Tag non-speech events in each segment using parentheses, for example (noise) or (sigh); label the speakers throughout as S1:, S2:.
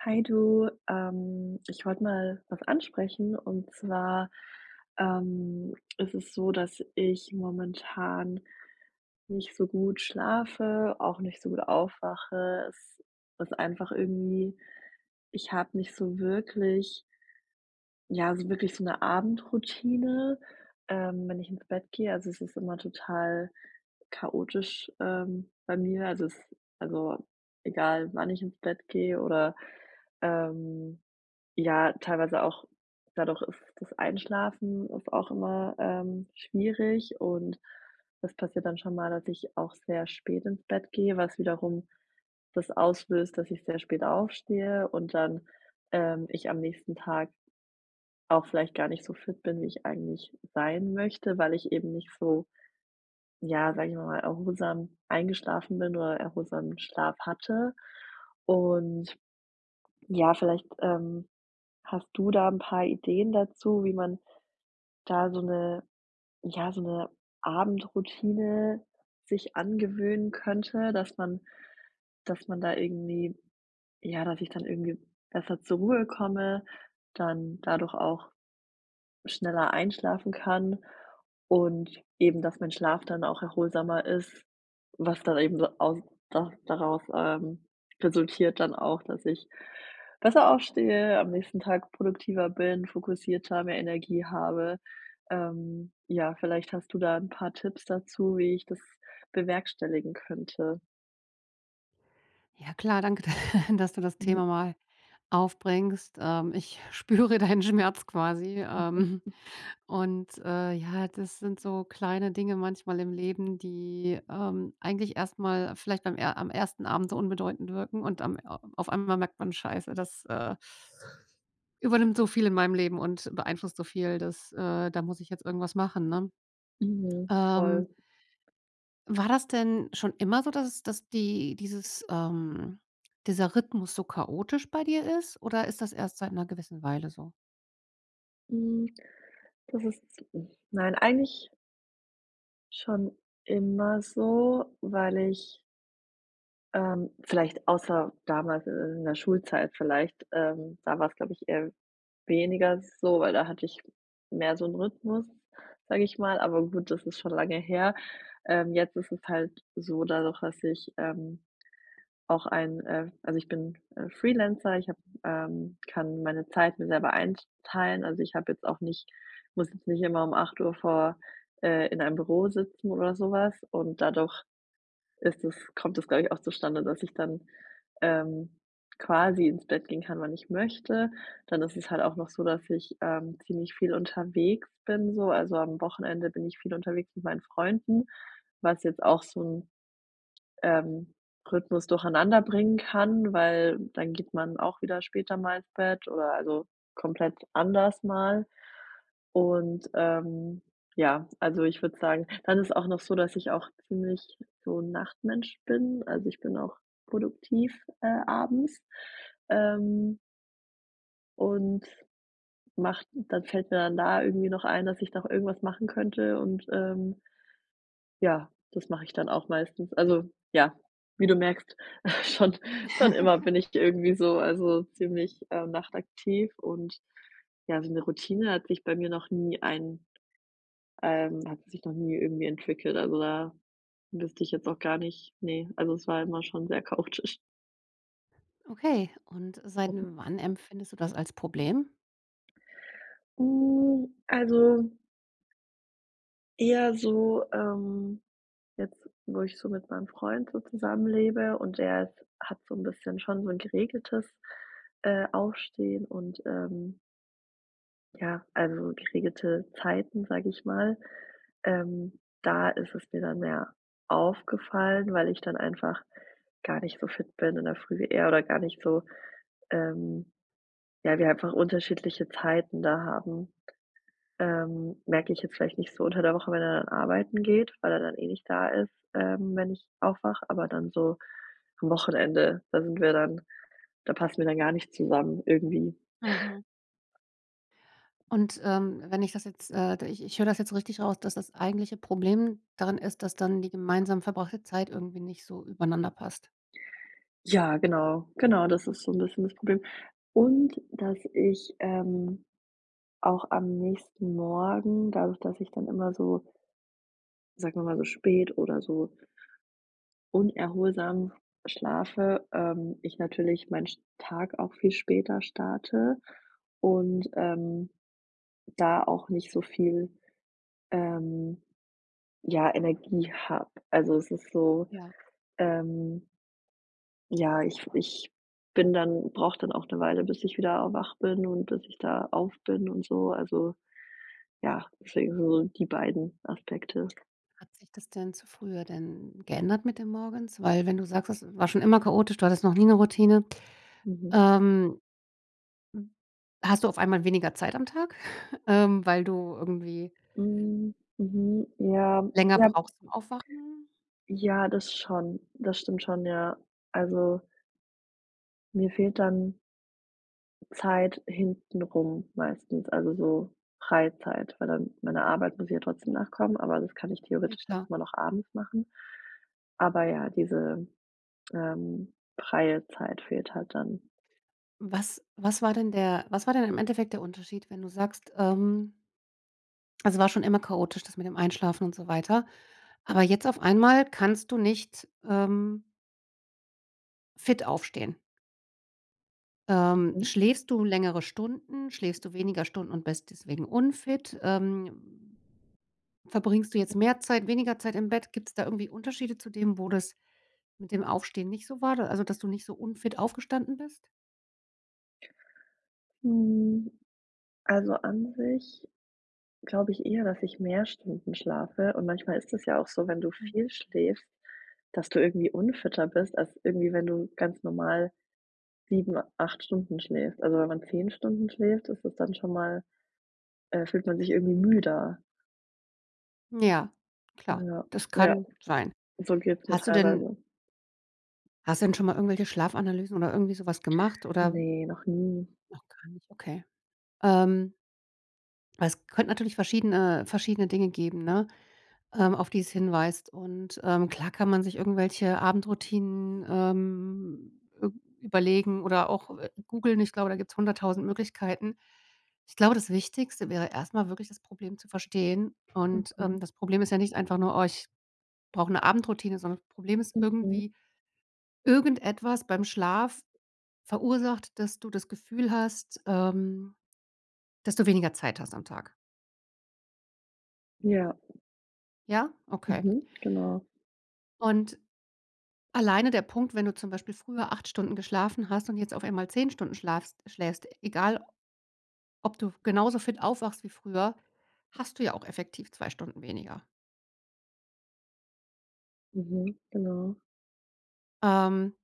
S1: Hi du, ähm, ich wollte mal was ansprechen und zwar, ähm, ist es so, dass ich momentan nicht so gut schlafe, auch nicht so gut aufwache. Es ist einfach irgendwie ich habe nicht so wirklich ja, so wirklich so 'ne Abendroutine, ähm, wenn ich ins Bett gehe. Also, es ist immer total chaotisch, ähm, bei mir. Also, es also egal wann ich ins Bett gehe oder, ähm, ja teilweise auch dadurch, ist das Einschlafen ist auch immer, ähm, schwierig und das passiert dann schon mal, dass ich auch sehr spät ins Bett gehe, was wiederum das auslöst, dass ich sehr spät aufstehe und dann, ähm, ich am nächsten Tag auch vielleicht gar nicht so fit bin, wie ich eigentlich sein möchte, weil ich eben nicht so, ja, sage ich mal mal erholsam eingeschlafen bin oder erholsamen Schlaf hatte, und, ja vielleicht, ähm, hast du da 'n paar Ideen dazu, wie man da so 'ne ja, so 'ne Abendroutine sich angewöhnen könnte, dass man dass man da irgendwie ja, dass ich dann irgendwie besser zur Ruhe komme, dann dadurch auch schneller einschlafen kann und eben, dass mein Schlaf dann auch erholsamer ist, was dann eben so aus da daraus, ähm, resultiert dann auch, dass ich besser aufstehe, am nächsten Tag produktiver bin, fokussierter, mehr Energie habe. Ähm, ja vielleicht hast du da 'n paar Tipps dazu, wie ich das bewerkstelligen könnte?
S2: Ja klar, danke, da dass du das
S1: (chuckles)
S2: Thema mal aufbringst. Ähm, ich spüre deinen Schmerz quasi, ähm,
S1: (unintelligible)
S2: und, äh, ja, das sind so kleine Dinge manchmal im Leben, die, ähm, eigentlich erst mal vielleicht beim er am 1. Abend unbedeutend wirken und am a auf einmal merkt man: „Scheiße, das, äh, übernimmt so viel in meinem Leben und beeinflusst so viel, dass äh, da muss ich jetzt irgendwas machen“, ne.
S1: Mhm,
S2: Ähm
S1: voll.
S2: war das denn schon immer so, dass es dass die dieses, ähm dieser Rhythmus so chaotisch bei dir ist? Oder ist das erst seit 'ner gewissen Weile so?
S1: Hm, das ist zi nein, eigentlich schon immer so, weil ich Ähm, vielleicht, außer damals in der Schultzeit vielleicht, ähm, da war's glaube ich eher weniger so, weil da hatte ich mehr so 'n Rythmus, sage ich mal. Aber gut, das ist schon lange her. Ähm, jetzt ist es halt so dadurch, dass ich, ähm, auch ein äh, also ich bin, äh, Freelancer, ich habe ähm, kann meine Zeit mir selber einteilen, also, ich habe jetzt auch nicht muss jetzt nicht immer um 8:00 vor äh, in einem Büro sitzen oder so was und dadurch ist das kommt das, glaube ich, auch zustande, dass ich dann, ähm, quasi ins Bett gehen kann wann ich möchte. Dann ist es halt auch noch so, dass ich, ähm, ziemlich viel unterwegs bin so, also, am Wochenende bin ich viel unterwegs mit meinen Freunden, was jetzt auch so 'n, ähm, Rythmus durcheinander bringen kann, weil dann geht man auch wieder später mal ins Bett oder also komplett anders mal. Und, ähm, ja, also ich würde sagen dann ist es auch noch so, dass ich auch ziemlich so 'n Nachtmensch bin. Also, ich bin auch produktiv, äh, abends. Ähm und mache dann fällt mir dann da irgendwie noch ein, dass ich doch irgendwas machen könnte und, ähm ja, das mache ich dann auch meistens. Also, ja, wie du merkst, (chuckles) schon schon immer
S2: (giggles)
S1: bin ich irgendwie so also ziemlich, äh, nachtaktiv und, ja, so 'ne Routine hat sich bei mir noch nie ein ähm, hat sich noch nie irgendwie entwickelt, also da wüsste ich jetzt auch gar nicht ne, also es war immer schon sehr chaotisch.
S2: Okay, und seit
S1: Mhm.
S2: n wann empfindest du das als Problem?
S1: Hm, also eher so, ähm, jetzt, wo ich so mit meinem Freund so zusammen lebe, und der ist hat so 'n bisschen schon so 'n geregeltes, äh, Aufstehen und, ähm ja, also geregelte Zeiten, sage ich mal. Ähm, da ist es mir dann mehr aufgefallen, weil ich dann einfach gar nicht so fit bin in der Früh. Er oder gar nicht so, ähm ja, wir einfach unterschiedliche Zeiten da haben. Ähm, merke ich jetzt vielleicht nicht so unter der Woche, wenn er dann arbeiten geht, weil er dann eh nicht da ist, ähm, wenn ich aufwache. Aber dann so am Wochenende, da sind wir dann da passen wir dann gar nicht zusammen irgendwie.
S2: Mhm.
S1: (chuckles)
S2: Und, ähm, wenn ich das jetzt, äh, da ich ich höre das jetzt richtig raus, dass das eigentliche Problem darin ist, dass dann die gemeinsam verbrachte Zeit irgendwie nicht so übereinander passt?
S1: Ja genau. Genau, das ist so 'n bisschen das Problem. Und dass ich, ähm, auch am nächsten Morgen, dadurch dass ich dann immer so sagen wir mal, so spät oder so unerholsam schlafe, ähm, ich natürlich mein sch Tag auch viel später starte und, ähm, da auch nicht so viel, ähm, ja, Energie habe. Also, es ist so,
S2: Ja.
S1: ähm ja, ich ich bin dann brauche dann auch 'ne Weile, bis ich wieder wach bin und bis ich da auf bin und so. Also, ja, deswegen, so die beiden Aspekte
S2: Hat sich das denn zu früher denn geändert mit dem Morgens? Weil wenn du sagst, es war schon immer chaotisch, du hattest noch nie 'ne Routine.
S1: Mhm.
S2: Ähm hast du auf einmal weniger Zeit am Tag, (chuckles) ähm, weil du irgendwie
S1: Hm, mhm, ja
S2: länger
S1: ja.
S2: brauchst zum Aufwachen?
S1: Ja, das schon. Das stimmt schon, ja. Also mir fehlt dann Zeit hintenrum meistens. Also so Freizeit weil dann meiner Arbeit muss ich ja trotzdem nachkommen, aber das kann ich
S2: Ja
S1: theoretisch auch
S2: klar.
S1: immer noch abends machen. Aber ja, diese, ähm, freie Zeit fehlt halt dann.
S2: Was was war denn der was war denn im Endeffekt der Unterschied, wenn du sagst, ähm es war schon immer chaotisch, das mit dem Einschlafen und so weiter. Aber jetzt auf einmal kannst du nicht, ähm fit aufstehen. Ähm,
S1: Mhm.
S2: schläfst du längere Stunden. Schläfst du weniger Stunden und bist deswegen unfit? Ähm. Verbringst du jetzt mehr Zeit weniger Zeit im Bett? Gibt's da irgendwie Unterschiede zu dem, wo das mit dem Aufstehen nicht so war d also dass du nicht so unfit aufgestanden bist?
S1: Hm. Also, an sich glaube ich eher, dass ich mehr Stunden schlafe und manchmal ist es ja auch so, wenn du
S2: Hm.
S1: viel schläfst, dass du irgendwie unfitter bist als irgendwie, wenn du ganz normal 7, 8 Stunden schläfst. Also, wenn man 10 Stunden schläft, ist das dann schon mal, äh fühlt man sich irgendwie müder.
S2: Ja, klar.
S1: Ja.
S2: Das
S1: Ja,
S2: kann sein.
S1: so geht's mir
S2: Hast du denn
S1: teilweise.
S2: Hast du denn schon mal irgendwelche Schlafanalysen oder irgendwie so was gemacht, oder
S1: Ne, noch nie.
S2: Noch gar nicht, okay. Ähm Weil es könnte natürlich verschiedene verschiedene Dinge geben, ne, ähm, auf die es hinweist. Und, ähm, klar kann man sich irgendwelche Abendroutinen, ähm, üb überlegen oder auch, äh, googlen. Ich glaube, da gibt's 100.000 Möglichkeiten. Ich glaube, das Wichtigste wäre erst mal wirklich das Problem zu verstehen. Und,
S1: Mhm.
S2: ähm, das Problem ist ja nicht einfach nur: „Oh, ich brauche 'ne Abendroutine“, sondern das Problem ist
S1: Mhm.
S2: irgendwie: Irgendetwas beim Schlaf verursacht, dass du das Gefühl hast, ähm, dass du weniger Zeit hast am Tag.
S1: Ja.
S2: Ja? Okay.
S1: Mhm. Genau.
S2: Und alleine der Punkt, wenn du zum Beispiel früher 8 Stunden geschlafen hast und jetzt auf einmal 10 Stunden schlafst schläfst, egal, ob du genauso fit aufwachst wie früher, hast du ja auch effektiv 2 Stunden weniger.
S1: Mhm, genau.
S2: Ähm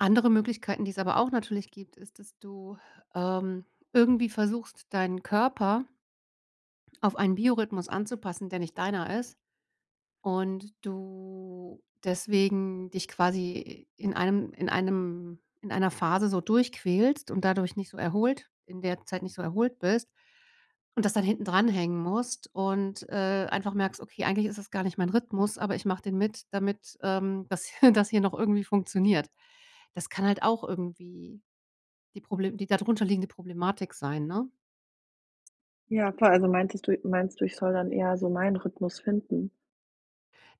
S2: andere Möglichkeiten, die es aber auch natürlich gibt, ist, dass du ähm, irgendwie versuchst, deinen Körper auf einen Biorhythmus anzupassen, der nicht deiner ist und du deswegen dich quasi in einem in einem in einer Phase so durchquälst und dadurch nicht so erholt in der Zeit nicht so erholt bist und das dann hinten dranhängen musst und, äh, einfach merkst: „Okay, eigentlich ist es gar nicht mein Rhythmus, aber ich mache den mit, damit, ähm, das (chuckles) das hier noch irgendwie funktioniert.“ Das kann halt auch irgendwie die Problem die dadrunter liegende Problematik sein, ne?
S1: Ja klar, also meintest du meinst du, ich soll dann eher so meinen Rhythmus finden?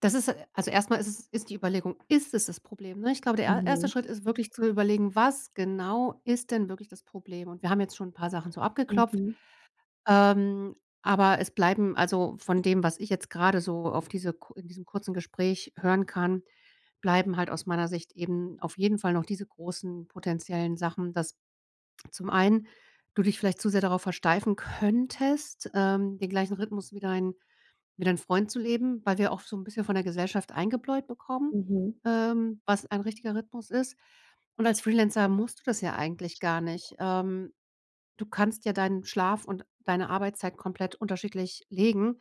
S2: Das ist e also erst mal ist es ist die Überlegung, ist es das Problem, ne? Ich glaube, der er erste
S1: Mhm.
S2: Schritt ist wirklich zu überlegen: „Was genau ist denn wirklich das Problem?“ Und wir haben jetzt schon 'n paar Sachen so abgeklopft,
S1: Mhm.
S2: ähm, aber es bleiben also von dem, was ich jetzt grade so auf diese ku in diesem kurzen Gespräch hören kann, bleiben halt aus meiner Sicht eben auf jeden Fall noch diese großen potenziellen Sachen, dass zum einen du dich vielleicht zu sehr darauf versteifen könntest, ähm, den gleichen Rhythmus wie dein wie dein Freund zu leben, weil wir auch so 'n bisschen von der Gesellschaft eingebläut bekommen,
S1: Mhm.
S2: ähm, was ein richtiger Rhythmus ist. Und als Freelancer musst du das ja eigentlich gar nicht. Ähm, du kannst ja deinen Schlaf und deine Arbeitszeit komplett unterschiedlich legen.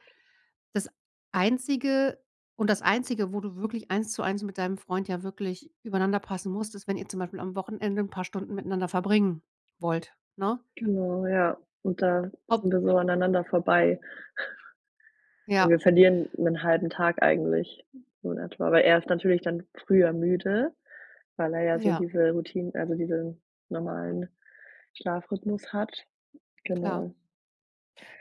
S2: Das Einzige und das Einzige, wo du wirklich eins zu eins mit deinem Freund ja wirklich übereinander passen musst, ist wenn ihr zum Beispiel am Wochenende 'n paar Stunden miteinander verbringen wollt, ne?
S1: Genau ja, und da
S2: Ob
S1: sind wir so aneinander vorbei. Und wir
S2: Ja.
S1: verlieren 'nen 1/2 Tag eigentlich so in etwa, weil er ist natürlich dann früher müde weil er ja so
S2: Ja.
S1: diese Routin also diesen normalen Schlafrhythmus hat.
S2: Klar.
S1: Genau.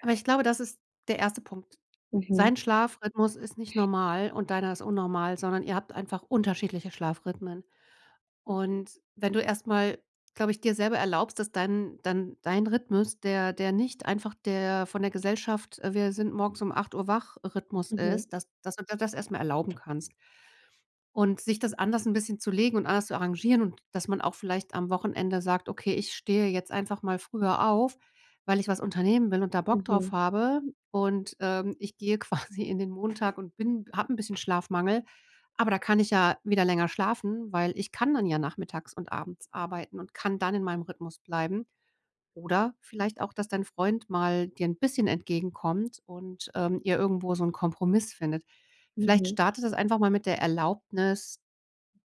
S2: Aber ich glaube, das ist der 1. Punkt.
S1: Mhm.
S2: Sein Schlafrhythmus ist nicht normal und deiner ist unnormal, sondern ihr habt einfach unterschiedliche Schlafrhythmen. Und wenn du erst mal glaube ich, dir selber erlaubst, dass dein dein dein Rhythmus, der der nicht einfach der von der Gesellschaft, äh, Wir-sind-morgens-um-8:00- wach-Rhythmus
S1: Mhm.
S2: ist, dass dass du dir das erst mal erlauben kannst. Und sich das anders 'n bisschen zu legen und anders zu arrangieren und dass man auch vielleicht am Wochenende sagt: „Okay, ich stehe jetzt einfach mal früher auf, weil ich was unternehmen will und da Bock drauf
S1: Mhm.
S2: habe und, ähm, ich gehe quasi in den Montag und bin habe 'n bisschen Schlafmangel, aber da kann ich ja wieder länger schlafen, weil ich kann dann ja nachmittags und abends arbeiten und kann dann in meinem Rhythmus bleiben. Oder vielleicht auch, dass dein Freund mal dir 'n bisschen entgegenkommt und, ähm, ihr irgendwo so 'nen Kompromiss findet. Vielleicht
S1: Mhm.
S2: startet ihr das einfach mal mit der Erlaubnis,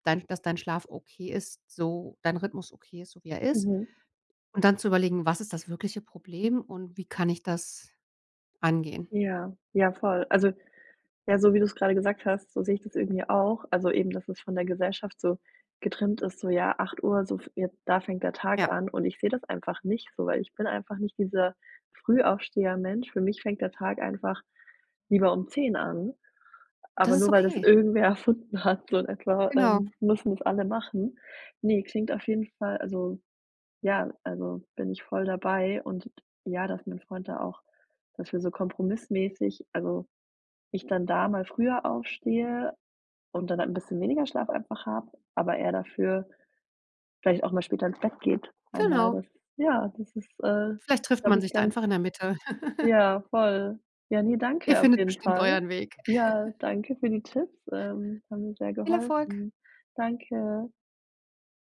S2: dein dass dein Schlaf okay ist so dein Rhythmus okay ist, so wie er ist.
S1: Mhm.
S2: Und dann zu überlegen, was ist das wirkliche Problem und wie kann ich das angehen?
S1: Ja, ja voll. Also, ja, so wie du's gerade gesagt hast so sehe ich das irgendwie auch. Also eben, dass es von der Gesellschaft so getrimmt ist, so: „Ja, 8:00, so f jetzt da fängt der Tag
S2: Ja.
S1: an“ und ich sehe das einfach nicht so, weil ich bin einfach nicht dieser Frühaufsteher-Mensch. Für mich fängt der Tag einfach lieber um 10:00 an,
S2: Und das
S1: aber
S2: ist
S1: nur weil das
S2: okay.
S1: irgendwer erfunden hat so in etwa,
S2: Genau.
S1: ähm, müssen es alle machen. Ne, klingt auf jeden Fall, also ja, also bin ich voll dabei und ja, dass mein Freund da auch dafür so kompromissmäßig also ich dann da mal früher aufstehe und dann halt 'n bisschen weniger Schlaf einfach habe, aber er dafür vielleicht auch mal später ins Bett geht einmal.
S2: Genau.
S1: Das ja das ist, äh,
S2: Vielleicht trifft
S1: glaube
S2: man
S1: ich,
S2: sich da
S1: ganz
S2: einfach in der Mitte. (giggles)
S1: Ja voll. Ja, ne,
S2: Ihr
S1: danke auf
S2: findet
S1: jeden
S2: bestimmt
S1: Fall.
S2: euren Weg.
S1: Ja,
S2: (giggles)
S1: danke für die Tipps, ähm, haben mir sehr
S2: Viel Erfolg.
S1: geholfen. Danke.